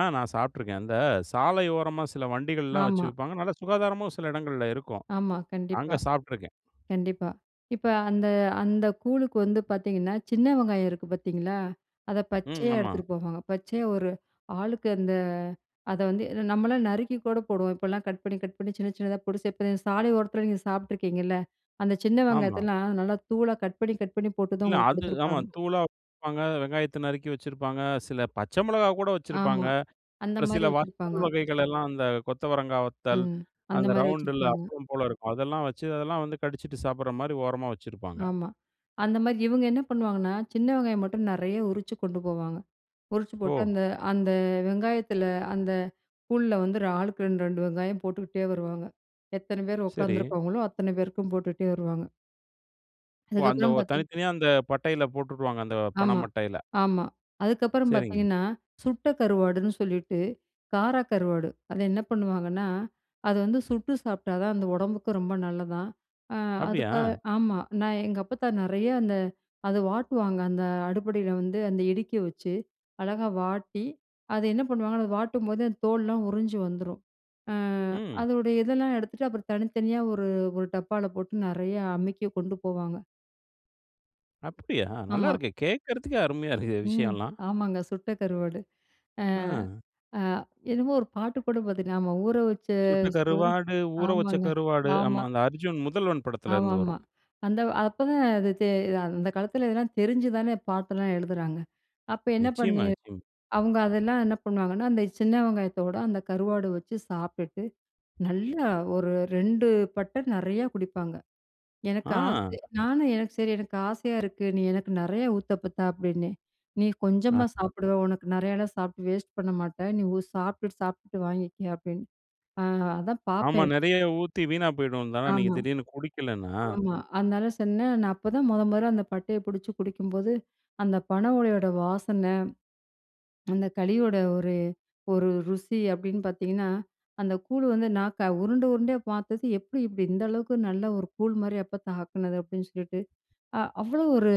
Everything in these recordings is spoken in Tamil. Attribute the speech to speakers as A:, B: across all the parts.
A: ஆ நான் சாப்பிட்டுருக்கேன். அந்த சாலையோரமா, சில வண்டிகள்லாம் வச்சு
B: ஆமா.
A: விப்பாங்க. நல்லா சுகாதாரமும் சில இடங்கள்ல இருக்கும்.
B: ஆமா,
A: அங்க
B: கண்டிப்பா.
A: சாப்ட்டுருக்கேன்.
B: கண்டிப்பா. இப்ப அந்த அந்த கூழுக்கு வந்து பாத்தீங்கன்னா, சின்ன வெங்காயம் இருக்கு பாத்தீங்களா, அத
A: ம்.
B: பச்சையா
A: ஆமா.
B: எடுத்துட்டு போவாங்க. பச்சையா ஒரு ஆளுக்கு அந்த அத வந்து ஏன்னா நம்மல்லாம் நறுக்கி கூட போடுவோம். இப்பல்லாம் கட் பண்ணி கட் பண்ணி, சின்ன சின்னதா போட்டு [unintelligible] சாலை ஓரத்தில நீங்க சாப்பிட்டுருக்கீங்கள்ல? அந்த சின்ன
A: ஆமா.
B: வெங்காயத்தல்லாம், நல்லா தூளா கட் பண்ணி கட் பண்ணி போட்டு தான்
A: இல்ல,
B: உங்களுக்கு
A: அது ஆமா.
B: குடுத்துருப்பாங்க.
A: தூளா வப்பாங்க, வெங்காயத்தை நறுக்கி வச்சிருப்பாங்க, சில பச்சை மிளகா கூட
B: ஆமா.
A: வச்சிருப்பாங்க.
B: அந்த
A: ஒரு
B: மாரி
A: சில
B: வச்சிருப்பாங்க.
A: வத்தல் வகைகளல்லாம், அந்த கொத்தவரங்கா வத்தல்,
B: ம். அந்த
A: அந்த
B: மாரி
A: ரவுண்டில
B: வச்சுருப்பாங்க.
A: அப்பளம் போல இருக்கும் அதெல்லாம் வச்சு அதெல்லாம் வந்து கடிச்சுட்டு சாப்பிடுற மாரி ஓரமா வச்சிருப்பாங்க.
B: ஆமா. அந்த மாரி இவுங்க என்ன பண்ணுவாங்கன்னா, சின்ன வெங்காயம் மட்டும் நெறைய உரிச்சு கொண்டு போவாங்க. உறிச்சு போட்டு,
A: ஓ!
B: அந்த அந்த வெங்காயத்தில அந்த கூழுல வந்து ஒரு ஆளுக்கு 2 2 வெங்காயம் போட்டுக்கிட்டே வருவாங்க. எத்தனை பேர்
A: சரி.
B: உக்காந்துருக்காங்களோ, அத்தனை பேருக்கும் போட்டுட்டே வருவாங்க.
A: ஓ! அந்த
B: அதுக்கப்பறம்
A: ஒ தனி,
B: பார்த்தீன்
A: தனியா அந்த பட்டைல போட்டுட்டுவாங்க! அந்த பன
B: ஆமா,
A: மட்டைல!
B: ஆமா. அதுக்கப்பறம்
A: சரிங்க.
B: பாத்தீங்கன்னா, சுட்ட கருவாடுன்னு சொல்லிட்டு, கார கருவாடு. அத என்ன பண்ணுவாங்கன்னா, அது வந்து சுட்டு சாப்பிட்டா தான் அந்த உடம்புக்கும் ரொம்ப நல்லதாம். அ
A: அப்படியா?
B: அதுக்காக ஆமா. நான் எங்க அப்பாத்தா நெறைய அந்த அதை வாட்டுவாங்க, அந்த அடுப்படியில வந்து அந்த இடுக்கிய வச்சு. அழகா வாட்டி, அதை என்ன பண்ணுவாங்கன்னா, அத வாட்டும்போது அந்த தோல்ளாம் உறிஞ்சு வந்துரும். அ
A: ம்.
B: அதோட இதெல்லாம் எடுத்துட்டு, அப்பறம் தனித்தனியா ஒரு ஒரு டப்பால போட்டு நெறையா அமுக்கி கொண்டு போவாங்க.
A: அப்படியா?
B: ஆமா.
A: நல்லாருக்கே. கேக்குறதுக்கே அருமையா இருக்கே,
B: ம்.
A: விஷயம்ல்லாம்.
B: ஆமாங்க, சுட்ட கருவாடு. அ
A: அம்.
B: அ என்னமோ ஒரு பாட்டு கூட பாத்த ஞாபகம். "ஊற வச்ச
A: சுட்ட கருவாடு, ஊற வச்ச
B: சோறு"ஆமாங்க
A: கருவாடு,
B: ஆமா.
A: ஆமா. அந்த அர்ஜுன் முதல்வன்
B: ஆமா
A: படத்துலருந்து
B: ஆமா.
A: வரும்.
B: அந்த அப்பதான் அது தெ அந்த காலத்தில இதெல்லாம் தெரிஞ்சுதானே பாட்டெல்லாம் எழுதுறாங்க. அப்ப என்ன பண்ணி
A: நிச்சயமா நிச்சயமா.
B: அவுங்க அதெல்லாம் என்ன பண்ணுவாங்கன்னா, அந்த சின்ன வெங்காயத்தோட, அந்த கருவாடு வச்சு சாப்ட்டுட்டு, நல்லா ஒரு 2 பட்டை நெறையா குடிப்பாங்க. எனக்கு
A: ஆ.
B: ஆசை நானும், "எனக்கு சரி, எனக்கு ஆசையா இருக்கு. நீ எனக்கு நெறைய ஊத்தப்பத்தா." அப்படின்னேன். "நீ கொஞ்சமா
A: அ.
B: சாப்பிடுவ. உனக்கு நெறையல்லாம் சாப்பிட்டு வேஸ்ட் பண்ண மாட்டேன். நீ ஒ சாப்ட்டுட்டு சாப்ட்டுட்டு வாங்கிக்க." அப்படீன்னு. அ அதான்
A: ஆமா,
B: பாப்பேன்.
A: நெறைய ஊத்தி வீணாப் போயிடும் தானே! நீங்க
B: ஆமா.
A: திடீர்ன்னு குடிக்கலைன்னா!
B: ஆமா. அதனால சொன்னேன். நான் அப்ப தான் மொத மொதல்ல அந்த பட்டையை புடிச்சு குடிக்கும்போது, அந்த பனை ஓலையோட வாசனை, அந்த களியோட ஒரு ஒரு "ருசி" அப்படீன்னு பாத்தீங்கன்னா, "அந்த கூழு வந்து நாக்க "உருண்டை உருண்டையா பாத்தது, எப்படி இப்படி இந்த அளவுக்கு நல்லா ஒரு கூழ் மாரி எப்பத்தா ஆக்குனது?" அப்படீன்னு சொல்லிட்டு அ அவ்வளோ ஒரு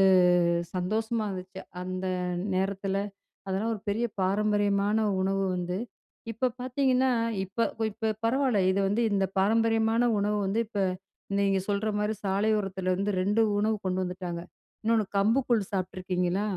B: சந்தோஷமா இருந்துச்சு. அந்த நேரத்தில, அதெல்லாம் ஒரு பெரிய பாரம்பரியமான உணவு வந்து இப்ப பார்த்தீங்கன்னா இப்ப இப்ப பரவால்ல இது வந்து இந்த பாரம்பரியமான உணவு வந்து இப்ப நீங்க சொல்ற மாரி சாலையோரத்திலருந்து 2 உணவு கொண்டு வந்துட்டாங்க. இன்னொன்னு கம்பு கூழ் சாப்பிட்ருக்கீங்களா?